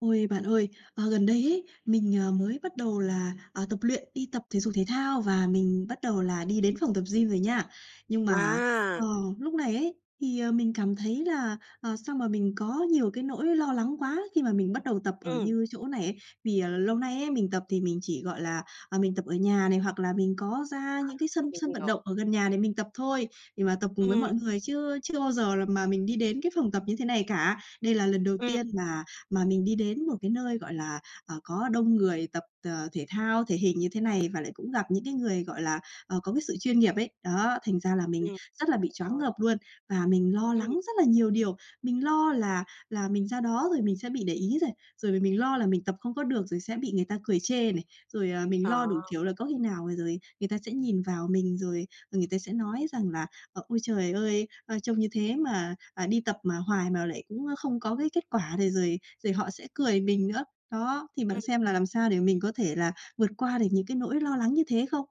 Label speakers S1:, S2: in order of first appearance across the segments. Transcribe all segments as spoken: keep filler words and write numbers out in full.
S1: Ôi, bạn ơi, ờ, gần đây ấy, mình, ờ, mới bắt đầu là, ờ, tập luyện, đi tập thể dục thể thao, và mình bắt đầu là đi đến phòng tập gym rồi nha. Nhưng mà, ờ,
S2: À.
S1: lúc này ấy, thì, ờ, mình cảm thấy là, ờ, sao mà mình có nhiều cái nỗi lo lắng quá, khi mà mình bắt đầu tập ở
S2: Ừm.
S1: như chỗ này ấy. Vì, à, lâu nay ấy mình tập thì mình chỉ gọi là, ờ, mình tập ở nhà này, hoặc là mình có ra những cái
S2: À,
S1: sân
S2: mình
S1: sân vận
S2: hiểu.
S1: động ở gần nhà để mình tập thôi, để mà tập cùng với
S2: Ừm.
S1: mọi người. Chứ chưa bao giờ là mà mình đi đến cái phòng tập như thế này cả, đây là lần đầu
S2: Ừm.
S1: tiên mà mà mình đi đến một cái nơi, gọi là, ờ, có đông người tập, ờ, thể thao thể hình như thế này, và lại cũng gặp những cái người, gọi là, ờ, có cái sự chuyên nghiệp ấy. Đó, thành ra là mình
S2: Ừm.
S1: rất là bị choáng
S2: Rồi.
S1: ngợp luôn, và mình lo lắng
S2: Ừm.
S1: rất là nhiều điều, mình lo là là mình ra đó rồi mình sẽ bị để ý này, rồi m mình lo là mình tập không có được rồi sẽ bị người ta cười chê này. Rồi, à, mình lo đủ
S2: À.
S1: kiểu là có khi nào rồi người ta sẽ nhìn vào mình rồi người ta sẽ nói rằng là "Ờ, ôi trời ơi! A, trông như thế mà, à, đi tập mà hoài mà lại cũng, ơ, không có cái kết quả này" rồi rồi họ sẽ cười mình nữa. Đó, thì bạn
S2: Ừm.
S1: xem là làm sao để mình có thể là vượt qua được những cái nỗi lo lắng như thế không?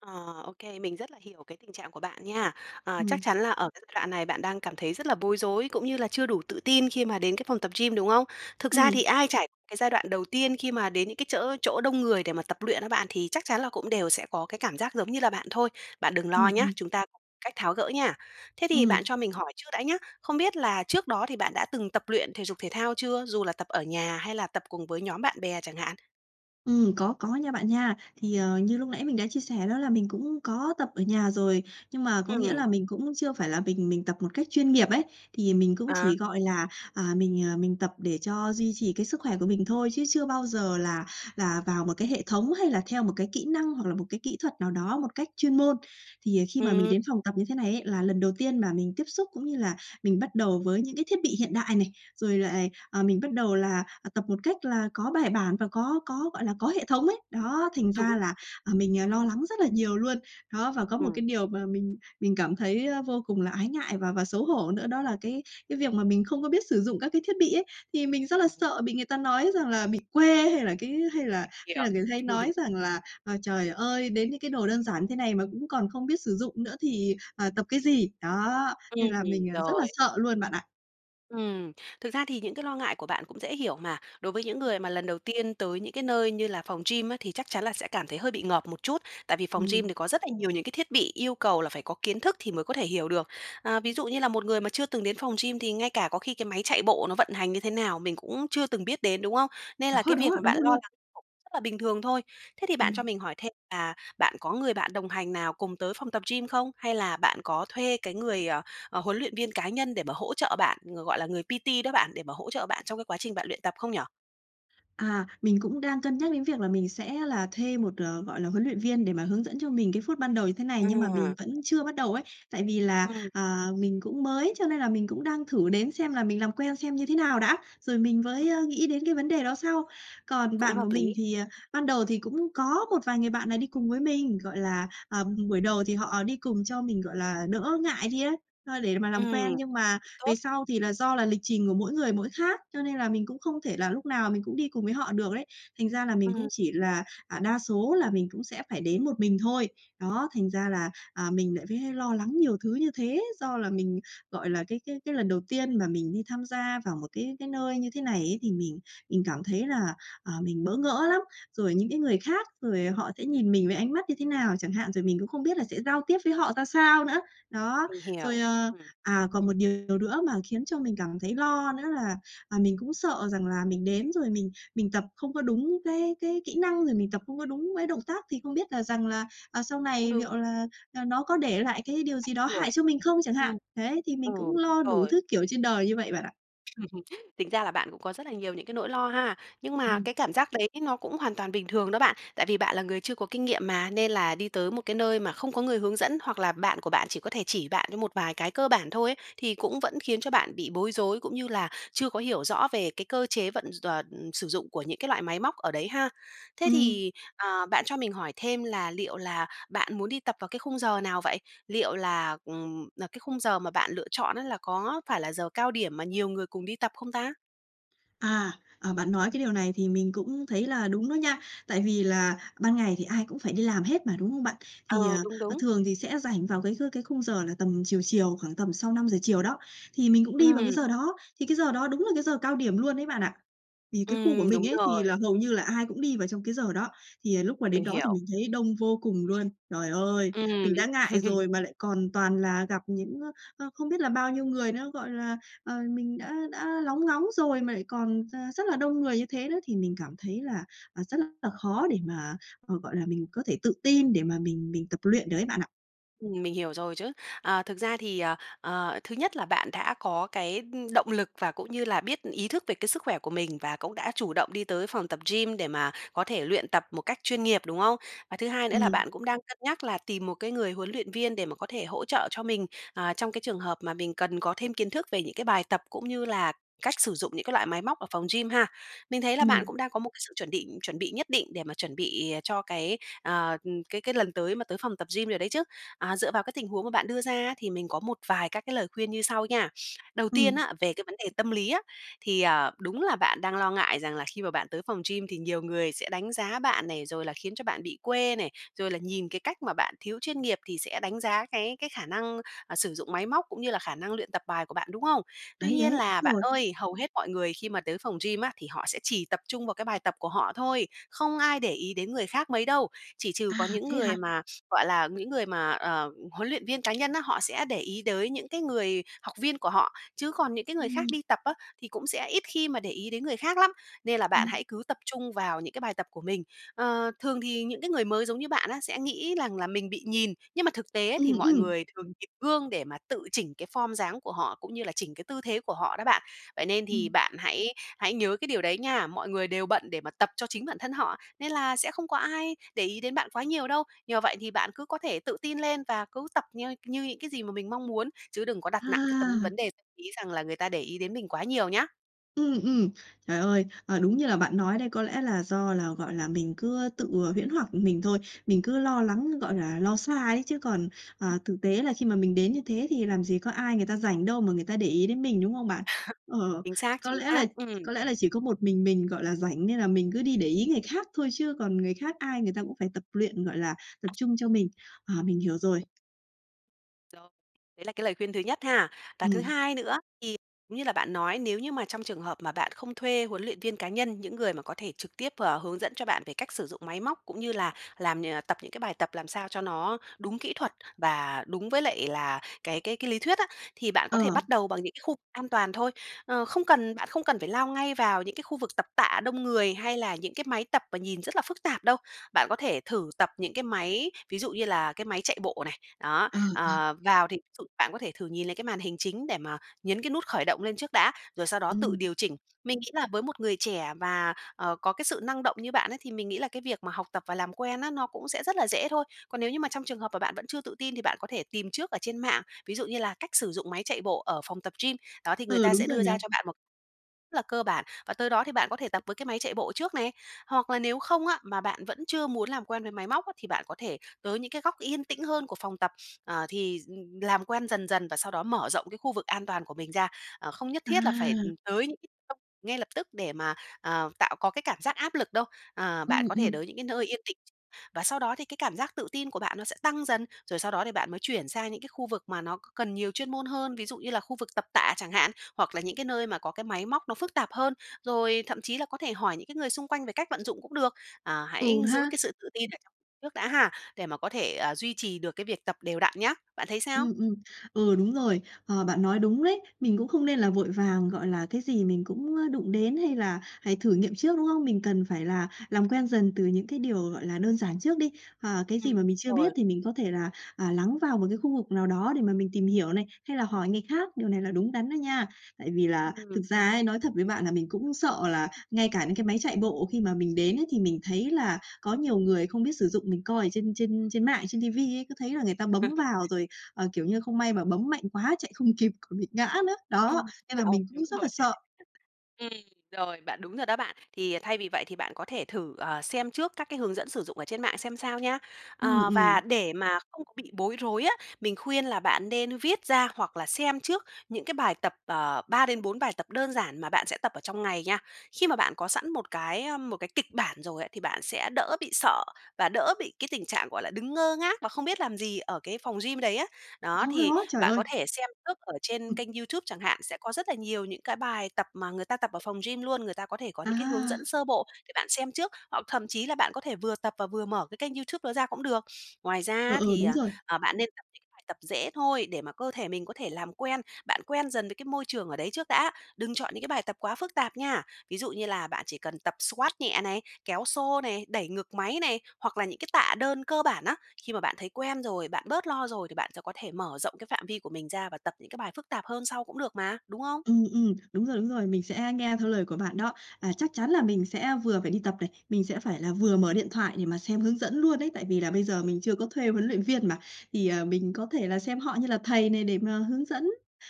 S2: Ờ, ô kê, mình rất là hiểu cái tình trạng của bạn nha. Ờ, chắc
S1: Ừm.
S2: chắn là ở cái giai đoạn này bạn đang cảm thấy rất là bối rối, cũng như là chưa đủ tự tin khi mà đến cái phòng tập gym, đúng không? Thực ra
S1: Ừm.
S2: thì ai trải cái giai đoạn đầu tiên khi mà đến những cái chở chỗ đông người để mà tập luyện á bạn, thì chắc chắn là cũng đều sẽ có cái cảm giác giống như là bạn thôi. Bạn đừng
S1: Ừm,
S2: lo nhá,
S1: ừm.
S2: chúng ta có cách tháo gỡ nha. Thế thì
S1: Ừm.
S2: bạn cho mình hỏi trước đã nhá. Không biết là trước đó thì bạn đã từng tập luyện thể dục thể thao chưa dù là tập ở nhà hay là tập cùng với nhóm bạn bè chẳng hạn?
S1: Ừm, có, có nha bạn nha. Thì, ờ, như lúc nãy mình đã chia sẻ đó là mình cũng có tập ở nhà rồi, nhưng mà có nghĩa
S2: Ừm.
S1: là mình cũng chưa phải là mình mình tập một cách chuyên nghiệp ấy, thì mình cũng
S2: À.
S1: chỉ, gọi là, à, mình, à, mình tập để cho duy trì cái sức khỏe của mình thôi, chứ chưa bao giờ là là vào một cái hệ thống hay là theo một cái kỹ năng, hoặc là một cái kỹ thuật nào đó một cách chuyên môn. Thì khi mà mình
S2: Ừm.
S1: đến phòng tập như thế này ấy là lần đầu tiên mà mình tiếp xúc cũng như là mình bắt đầu với những cái thiết bị hiện đại này, rồi lại, ờ, mình bắt đầu là, à, tập một cách là có bài bản và có có, gọi là, có hệ thống ấy. Đó, thành ra
S2: Đúng.
S1: là, à, mình lo lắng rất là nhiều luôn. Đó, và có một cái
S2: Ừm.
S1: điều mà mình mình cảm thấy, a, vô cùng là ái ngại và và xấu hổ nữa đó là cái cái việc mà mình không có biết sử dụng các cái thiết bị ấy, thì mình rất là sợ bị người ta nói rằng là bị quê hay là cái hay là hay
S2: Hiểu.
S1: là người hay nói rằng là, à, "Trời ơi, đến những cái đồ đơn giản như thế này mà cũng còn không biết sử dụng nữa thì, à, tập cái gì." Đó, nên
S2: Ừm,
S1: là mình, à, rất là, à,
S2: rồi.
S1: sợ luôn bạn ạ.
S2: Ừm, thực ra thì những cái lo ngại của bạn cũng dễ hiểu mà, đối với những người mà lần đầu tiên tới những cái nơi như là phòng gym á, thì chắc chắn là sẽ cảm thấy hơi bị ngợp một chút, tại vì phòng gym
S1: Ừm.
S2: thì có rất là nhiều những cái thiết bị yêu cầu là phải có kiến thức thì mới có thể hiểu được. À, ví dụ như là một người mà chưa từng đến phòng gym, thì ngay cả có khi cái máy chạy bộ nó vận hành như thế nào mình cũng chưa từng biết đến, đúng không? Nên
S1: Đó,
S2: là cái việc
S1: đó,
S2: mà bạn
S1: đúng
S2: lo
S1: luôn.
S2: lắng cũng rất là bình thường thôi. Thế thì bạn cho
S1: Ừm.
S2: mình hỏi thêm là bạn có người bạn đồng hành nào cùng tới phòng tập gym không? Hay là bạn có thuê cái người, à, ờ, huấn luyện viên cá nhân để mà hỗ trợ bạn, người, gọi là, người P-T đó bạn, để mà hỗ trợ bạn trong cái quá trình bạn luyện tập không nhỉ?
S1: À, mình cũng đang cân nhắc đến việc là mình sẽ là thuê một, ờ, gọi là, huấn luyện viên để mà hướng dẫn cho mình cái phút ban đầu như thế này, nhưng mà mình
S2: À.
S1: vẫn chưa bắt đầu ấy. Tại vì là,
S2: Ừm.
S1: à, mình cũng mới, cho nên là mình cũng đang thử đến xem là mình làm quen xem như thế nào đã, rồi mình với á nghĩ đến cái vấn đề đó sau. Còn
S2: Cũng
S1: bạn của
S2: hợp
S1: mình
S2: lý.
S1: thì, à, ban đầu thì cũng có một vài người bạn này đi cùng với mình, gọi là, ờ, buổi đầu thì họ đi cùng cho mình, gọi là, đỡ ngại đi ấy, ơ, để mà làm quen.
S2: Ừm.
S1: Nhưng mà
S2: Tốt.
S1: về sau thì là do là lịch trình của mỗi người mỗi khác, cho nên là mình cũng không thể là lúc nào mình cũng đi cùng với họ được đấy, thành ra là mình cũng
S2: Ừm.
S1: chỉ là, à, đa số là mình cũng sẽ phải đến một mình thôi. Đó, thành ra là, à, mình lại vế lo lắng nhiều thứ như thế, do là mình gọi là cái cái cái lần đầu tiên mà mình đi tham gia vào một cái cái nơi như thế này ấy, thì mình mình cảm thấy là, ờ, mình bỡ ngỡ lắm, rồi những cái người khác, rồi họ sẽ nhìn mình với ánh mắt như thế nào chẳng hạn, rồi mình cũng không biết là sẽ giao tiếp với họ ra sao nữa. Đó,
S2: Mình hiểu,
S1: rồi, ờ,
S2: ừm.
S1: à, còn một điều nữa mà khiến cho mình cảm thấy lo nữa là, à, mình cũng sợ rằng là mình đến rồi mình mình tập không có đúng cái cái kỹ năng, rồi mình tập không có đúng với động tác, thì không biết là rằng là, à, sau
S2: Cũng
S1: này
S2: đúng.
S1: liệu là, à, nó có để lại cái điều
S2: Ảnh
S1: gì đó hại
S2: hưởng.
S1: cho mình không chẳng
S2: Ừm.
S1: hạn. Đấy, thì mình cũng
S2: Ừ,
S1: lo đủ
S2: rồi.
S1: thứ, kiểu, trên đời như vậy bạn ạ.
S2: Tính ra là bạn cũng có rất là nhiều những cái nỗi lo ha, nhưng mà
S1: Ừm.
S2: cái cảm giác đấy nó cũng hoàn toàn bình thường đó bạn. Tại vì bạn là người chưa có kinh nghiệm mà, nên là đi tới một cái nơi mà không có người hướng dẫn hoặc là bạn của bạn chỉ có thể chỉ bạn như một vài cái cơ bản thôi ấy, thì cũng vẫn khiến cho bạn bị bối rối, cũng như là chưa có hiểu rõ về cái cơ chế vận d tòa ừm, sử dụng của những cái loại máy móc ở đấy ha. Thế
S1: Ừm.
S2: thì, à, bạn cho mình hỏi thêm là liệu là bạn muốn đi tập vào cái khung giờ nào vậy? Liệu là, ừm, n cái khung giờ mà bạn lựa chọn á là có phải là giờ cao điểm mà nhiều người cùng đi tập không ta?
S1: À, ờ, bạn nói cái điều này thì mình cũng thấy là đúng đó nha, tại vì là ban ngày thì ai cũng phải đi làm hết mà, đúng không bạn? Thì,
S2: Ờ,
S1: ờ,
S2: đúng,
S1: ờ,
S2: đúng.
S1: thường thì sẽ rảnh vào cái kh cái khung giờ là tầm chiều chiều, khoảng tầm sau năm giờ chiều đó, thì mình cũng đi vào cái
S2: Ừm.
S1: giờ đó, thì cái giờ đó đúng là cái giờ cao điểm luôn ấy bạn ạ. Thì cái khu của
S2: Ừm,
S1: mình
S2: đúng
S1: ấy thì
S2: rồi.
S1: là hầu như là ai cũng đi vào trong cái giờ đó, thì lúc mà đến
S2: Mình
S1: đó thì
S2: hiểu.
S1: mình thấy đông vô cùng luôn. Trời ơi!
S2: Ừm.
S1: Mình đã ngại rồi mà lại còn toàn là gặp những, ơ, ơ, không biết là bao nhiêu người nữa, gọi là, ờ, mình đã đã lóng ngóng rồi mà lại còn ra rất là đông người như thế nữa, thì mình cảm thấy là, à, rất là khó để mà, ờ, gọi là, mình có thể tự tin để mà mình mình tập luyện được ấy bạn ạ.
S2: Ừm, mình hiểu rồi chứ. Ờ, thực ra thì, ờ, ờ, thứ nhất là bạn đã có cái, ưm, động lực và cũng như là biết ý thức về cái sức khỏe của mình, và cũng đã chủ động đi tới phòng tập gym để mà có thể luyện tập một cách chuyên nghiệp, đúng không? Và thứ hai nữa là
S1: Ừm.
S2: bạn cũng đang cân nhắc là tìm một cái người huấn luyện viên để mà có thể hỗ trợ cho mình, ờ, trong cái trường hợp mà mình cần có thêm kiến thức về những cái bài tập, cũng như là cách sử dụng những cái loại máy móc ở phòng gym ha. Mình thấy là bạn
S1: Ừm.
S2: cũng đang có một cái sự chuẩn bị chuẩn bị nhất định để mà chuẩn bị cho cái, ờ, ừm, cái cái lần tới mà tới phòng tập gym rồi đấy chứ, à, dựa vào cái tình huống mà bạn đưa ra thì mình có một vài các cái lời khuyên như sau nha. Đầu tiên
S1: Ừm.
S2: á, về cái vấn đề tâm lý á, thì, à, đúng là bạn đang lo ngại rằng là khi mà bạn tới phòng gym thì nhiều người sẽ đánh giá bạn này, rồi là khiến cho bạn bị quê này, rồi là nhìn cái cách mà bạn thiếu chuyên nghiệp thì sẽ đánh giá cái cái khả năng, ờ, sử dụng máy móc, cũng như là khả năng luyện tập bài của bạn, đúng không? Tuy
S1: Đấy,
S2: nhiên
S1: đấy, đúng
S2: là bạn
S1: rồi!
S2: ơi, hầu hết mọi người khi mà tới phòng gym á, thì họ sẽ chỉ tập trung vào cái bài tập của họ thôi, không ai để ý đến người khác mấy đâu. Chỉ trừ
S1: À,
S2: có những
S1: thế hả?
S2: người mà, gọi là, những người mà, ờ, huấn luyện viên cá nhân á, họ sẽ để ý tới những cái người học viên của họ, chứ còn những cái người khác
S1: Ừm.
S2: đi tập á, thì cũng sẽ ít khi mà để ý đến người khác lắm, nên là bạn
S1: Ừm.
S2: hãy cứ tập trung vào những cái bài tập của mình. Ờ, thường thì những cái người mới giống như bạn á, sẽ nghĩ rằng là mình bị nhìn, nhưng mà thực tế
S1: Ừm,
S2: thì mọi
S1: ừm.
S2: người thường nhìn gương để mà tự chỉnh cái phom dáng của họ, cũng như là chỉnh cái tư thế của họ đó bạn. Vậy nên thì
S1: Ừm.
S2: bạn hãy hãy nhớ cái điều đấy nha, mọi người đều bận để mà tập cho chính bản thân họ, nên là sẽ không có ai để ý đến bạn quá nhiều đâu. Nhờ vậy thì bạn cứ có thể tự tin lên và cứ tập nh như những cái gì mà mình mong muốn, chứ đừng có đặt nặng cái tấm
S1: À!
S2: vấn đề ý rằng là người ta để ý đến mình quá nhiều nhá.
S1: Ừm, ừm. Trời ơi. Ờ, đúng như là bạn nói đây có lẽ là do là, gọi là, mình cứ tự, ờ, huyễn hoặc mình thôi. Mình cứ lo lắng, gọi là, lo xa ấy chứ còn, à,
S2: Ừm.
S1: thực tế là khi mà mình đến như thế thì làm gì có ai người ta rảnh đâu mà người ta để ý đến mình, đúng không bạn? Ờ,
S2: Chính xác,
S1: có
S2: chính
S1: lẽ là
S2: xác, ừm.
S1: có lẽ là chỉ có một mình mình, gọi là, rảnh nên là mình cứ đi để ý người khác thôi, chứ còn người khác ai người ta cũng phải tập luyện, gọi là, tập trung cho mình. Ờ, mình hiểu rồi.
S2: Rồi. Đấy là cái lời khuyên thứ nhất ha. Và thứ
S1: Ừm.
S2: hai nữa, thì [unintelligible] như là bạn nói nếu như mà trong trường hợp mà bạn không thuê huấn luyện viên cá nhân, những người mà có thể trực tiếp, ờ, hướng dẫn cho bạn về cách sử dụng máy móc cũng như là làm nh tập những cái bài tập làm sao cho nó đúng kỹ thuật và đúng với lại là cái cái cái lý thuyết á, thì bạn
S1: Ờ.
S2: có thể bắt đầu bằng những cái khu an toàn thôi. Ơ, không cần bạn không cần phải lao ngay vào những cái khu vực tập tạ đông người hay là những cái máy tập mà nhìn rất là phức tạp đâu, bạn có thể thử tập những cái máy, ví dụ như là cái máy chạy bộ này. Đó,
S1: Ờ, ờ.
S2: ờ, vào thì ví dụ bạn có thể thử nhìn lại cái màn hình chính để mà nhấn cái nút khởi động lên trước đã, rồi sau đó tự
S1: Ừm.
S2: điều chỉnh. Mình nghĩ là với một người trẻ và, ờ, có cái sự năng động như bạn ấy, thì mình nghĩ là cái việc mà học tập và làm quen á, nó cũng sẽ rất là dễ thôi. Còn nếu như mà trong trường hợp và bạn vẫn chưa tự tin thì bạn có thể tìm trước ở trên mạng, ví dụ như là cách sử dụng máy chạy bộ ở phòng tập gym, đó thì người
S1: Ừ,
S2: ta
S1: đúng
S2: sẽ
S1: rồi
S2: đưa
S1: nhỉ?
S2: ra cho bạn một rất là cơ bản, và tới đó thì bạn có thể tập với cái máy chạy bộ trước này. Hoặc là nếu không á, mà bạn vẫn chưa muốn làm quen với máy móc á, thì bạn có thể tới những cái góc yên tĩnh hơn của phòng tập, ờ, thì d ừm, làm quen dần dần và sau đó mở rộng cái khu vực an toàn của mình ra, à, không nhất thiết là phải, ừ,
S1: À.
S2: tới những [unintelligible] ngay lập tức để mà, ờ, tạo có cái cảm giác áp lực đâu. Ờ,
S1: Ừ,
S2: bạn có thể
S1: ừ.
S2: đới những cái nơi yên tĩnh và sau đó thì cái cảm giác tự tin của bạn nó sẽ tăng dần, rồi sau đó thì bạn mới chuyển sang những cái khu vực mà nó c cần nhiều chuyên môn hơn, ví dụ như là khu vực tập tạ chẳng hạn, hoặc là những cái nơi mà có cái máy móc nó phức tạp hơn, rồi thậm chí là có thể hỏi những cái người xung quanh về cách vận dụng cũng được. À, hãy
S1: Ừ
S2: giữ
S1: ha.
S2: cái sự tự tin ở trong trước đã ha, để mà có thể, à, duy trì được cái việc tập đều đặn nhá. Bạn thấy sao?
S1: Ừm, ừm, ừ, đúng rồi. Ờ, bạn nói đúng đấy, mình cũng không nên là vội vàng, gọi là, cái gì mình cũng đụng đến hay là phải thử nghiệm trước, đúng không? Mình cần phải là làm quen dần từ những cái điều, gọi là, đơn giản trước đi. Ờ, cái gì
S2: Ừm,
S1: mà mình chưa
S2: rồi.
S1: biết thì mình có thể là, à, lắng vào một cái khu vực nào đó để mà mình tìm hiểu này, hay là hỏi người khác, điều này là đúng đắn đó nha. Tại vì là thực
S2: Ừm.
S1: ra ấy, nói thật với bạn là mình cũng sợ là ngay cả những cái máy chạy bộ khi mà mình đến ấy, thì mình thấy là có nhiều người không biết sử dụng, mình coi ở trên trên trên mạng, trên ti vi ấy, cứ thấy là người ta bấm vào rồi, ờ, kiểu như, không may mà bấm mạnh quá chạy không kịp còn bị ngã nữa. Đó,
S2: Ừm,
S1: nên là
S2: rồi,
S1: mình
S2: đúng
S1: cũng rất
S2: rồi.
S1: là sợ.
S2: Ừm, rồi, bạn đúng rồi đó bạn. Thì thay vì vậy thì bạn có thể thử, à, xem trước các cái hướng dẫn sử dụng ở trên mạng xem sao nha.
S1: Ừm,
S2: Ờ, và
S1: ừm.
S2: để mà không có bị bối rối á, mình khuyên là bạn nên viết ra hoặc là xem trước những cái bài tập, ờ, ba đến bốn bài tập đơn giản mà bạn sẽ tập ở trong ngày nha. Khi mà bạn có sẵn một cái, ơ, một cái kịch bản rồi ấy, thì bạn sẽ đỡ bị sợ và đỡ bị cái tình trạng, gọi là, đứng ngơ ngác và không biết làm gì ở cái phòng gym đấy á. Đó,
S1: Đó,
S2: thì
S1: đó, trời
S2: bạn có
S1: ơi!
S2: thể xem trước ở trên
S1: Ừm.
S2: kênh YouTube chẳng hạn, sẽ có rất là nhiều những cái bài bài tập mà người ta tập ở phòng gym luôn, người ta có thể có những cái hướng
S1: À.
S2: dẫn sơ bộ để bạn xem trước, hoặc thậm chí là bạn có thể vừa tập và vừa mở cái kênh Youtube đó ra cũng được. Ngoài ra
S1: Ừ,
S2: á
S1: ừ,
S2: thì,
S1: đúng
S2: ờ,
S1: rồi.
S2: ờ, bạn nên tập những cái bài tập dễ thôi để mà cơ thể mình có thể làm quen, bạn quen dần với cái môi trường ở đấy trước đã. Đừng chọn những cái bài tập quá phức tạp nha, ví dụ như là bạn chỉ cần tập squat nhẹ này, kéo xô này, đẩy ngực máy này, hoặc là những cái tạ đơn cơ bản á. Khi mà bạn thấy quen rồi, bạn bớt lo rồi thì bạn sẽ có thể mở rộng cái phạm vi của mình ra và tập những cái bài phức tạp hơn sau cũng được mà, đúng không?
S1: Ừm, ừm, đúng rồi, đúng rồi. Mình sẽ nghe theo lời của bạn đó, à, chắc chắn là mình sẽ vừa phải đi tập này, mình sẽ phải là vừa mở điện thoại để mà xem hướng dẫn luôn ấy. Tại vì là bây giờ mình chưa có thuê huấn luyện viên mà, thì, à, mình có thể là xem họ như là thầy này để mà hướng dẫn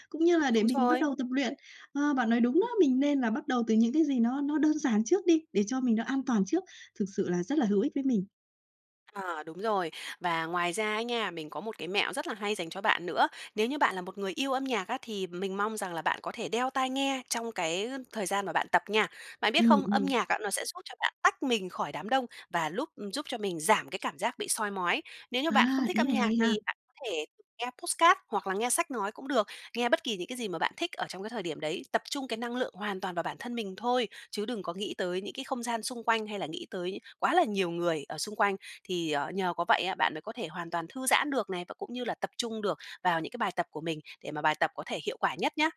S1: cũng như là để
S2: Đúng
S1: mình bắt
S2: rồi.
S1: đầu tập luyện. Ờ, bạn nói đúng đó,
S2: [unintelligible]
S1: mình nên là bắt đầu từ những cái gì nó nó đơn giản trước đi, để cho mình nó an toàn trước, thực sự là rất là hữu ích với mình.
S2: À, đúng rồi và ngoài ra ấy nghe, mình có một cái mẹo rất là hay dành cho bạn nữa, nếu như bạn là một người yêu âm nhạc á thì mình mong rằng là bạn có thể đeo tai nghe trong cái thời gian mà bạn tập nha. Bạn biết
S1: Ừm,
S2: không? Âm
S1: ừm.
S2: nhạc á, nó sẽ giúp cho bạn tách mình khỏi đám đông và lúp ừm, giúp cho mình giảm cái cảm giác bị soi mói. Nếu như
S1: À,
S2: bạn không thích
S1: ý
S2: âm
S1: này
S2: nhạc
S1: hay ha!
S2: thì bạn có thể thử nghe podcast, hoặc là nghe sách nói cũng được, nghe bất kỳ những cái gì mà bạn thích ở trong cái thời điểm đấy, tập trung cái năng lượng hoàn toàn vào bản thân mình thôi chứ đừng có nghĩ tới những cái không gian xung quanh, hay là nghĩ tới quá là nhiều người ở xung quanh thì, ờ, nhờ có vậy á, bạn mới có thể hoàn toàn thư giãn được này, và cũng như là tập trung được vào những cái bài tập của mình để mà bài tập có thể hiệu quả nhất nhá.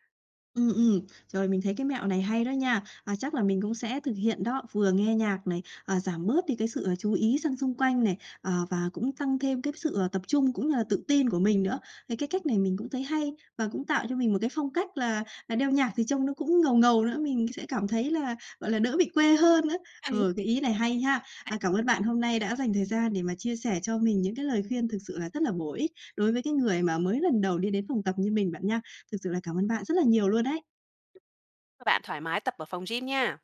S1: Ừm, ừm, rồi mình thấy cái mẹo này hay đó nha, à, chắc là mình cũng sẽ thực hiện đó, vừa nghe nhạc này, à, giảm bớt đi cái sự, à, chú ý sang xung quanh này, à, và cũng tăng thêm cái sự, à, tập trung cũng như là tự tin của mình nữa, thì cái cách này mình cũng thấy hay và cũng tạo cho mình một cái phong cách là là đeo nhạc thì trông nó cũng ngầu ngầu nữa, mình sẽ cảm thấy là, gọi là, đỡ bị quê hơn nữa.
S2: Hay
S1: Ờ, cái ý này hay ha! À,
S2: ấy.
S1: cảm ơn bạn hôm nay đã dành thời gian để mà chia sẻ cho mình những cái lời khuyên thực sự là rất là bổ ích đối với cái người mà mới lần đầu đi đến phòng tập như mình bạn nha! Thực sự là cảm ơn bạn rất là nhiều luôn đấy!
S2: Cho bạn thoải mái tập ở phòng gym nha.